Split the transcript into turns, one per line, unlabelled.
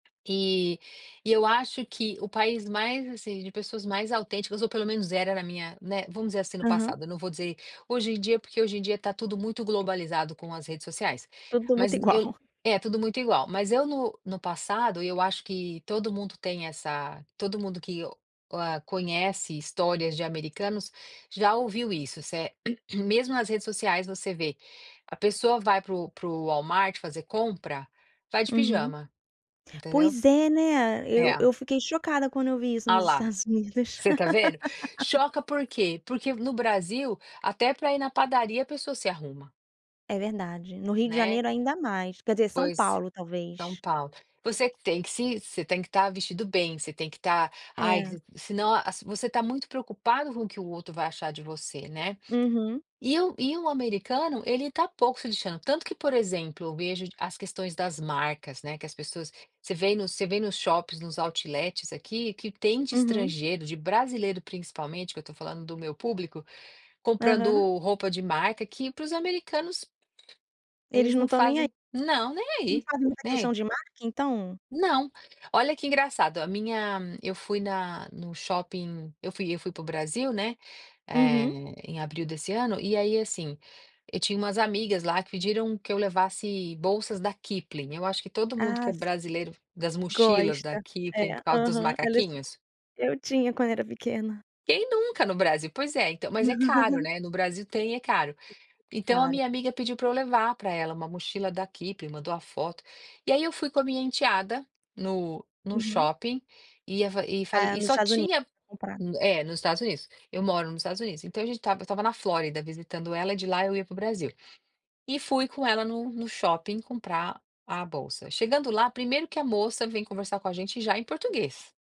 Eh, e eu acho que, o país mais, assim, de pessoas mais autênticas, ou pelo menos era na minha né, vamos dizer, assim, no
Aham.
passado. Não vou dizer: "Hoje em dia", porque hoje em dia tá tudo muito globalizado com as redes sociais,
Tudo muito
mas eu
igual.
É tudo muito igual, mas eu no no passado, eu acho que todo mundo tem essa todo mundo que o a conhece histórias de americanos já ouviu, isso, se é mesmo nas redes sociais você vê, a pessoa vai para o para o Walmart fazer compra, vai de
Uhum.
pijama, entendeu?
Pois, é, né? Eu
É.
eu fiquei chocada quando eu vi isso
Olha
nos
lá,
Estados Unidos.
você tá vendo, choca por quê? Porque no Brasil, até pra ir na padaria a pessoa se arruma
É verdade, no Rio de
Né?
Janeiro ainda mais quer dizer São
Pois,
Paulo
São
talvez.
Paulo. Você tem que se você tem que tá vestido bem, você tem que tá: "Ai",
É.
se não a você tá muito preocupado com o que o outro vai achar de você, né,
Uhum.
e o e o americano ele tá pouco se lixando. Tanto que por exemplo, eu vejo as questões das marcas, né, que as pessoas você vem no você vem nos shoppings, nos outlets aqui, que tem de
Uhum.
estrangeiro, de brasileiro principalmente, que eu tô falando do meu público, comprando
Aham.
roupa de marca. Que para os americanos, eles
Eles não
não
estão nem aí,
fazem não, nem
eles não
aí,
fazem muita
nem
questão
a
de marca então?
Não. Olha que engraçado, a minha eu fui na no shopping, eu fui eu fui para o Brasil, né, eh,
Uhum.
em abril desse ano e aí, assim, eu tinha umas amigas, lá, que pediram que eu levasse bolsas da Kipplin, eu acho, que todo mundo que
Ah,
é
si
brasileiro das mochilas da
Gosta,
Kipplin
é,
por causa dos
aham, ela é su
macaquinhos?
eu tinha quando era pequena.
Quem nunca no Brasil? Pois é, então, mas é caro, né, no Brasil tem, e é caro. Então, a
Claro.
minha amiga pediu pra eu levar pra ela uma mochila da Kipping, mandou a foto. E, aí, eu fui com a minha enteada, no no
Uhum.
shopping e a fa e fa
É,
e
nos
só
Estados Unidos
tinha
pra comprar.
É, nos Estados Unidos, eu moro nos Estados Unidos, então, a gente estava estava na Flórida visitando ela, e de lá eu ia para o Brasil e fui com ela no no shopping comprar a bolsa. Chegando lá, primeiro que a moça vem conversar com a gente já em português.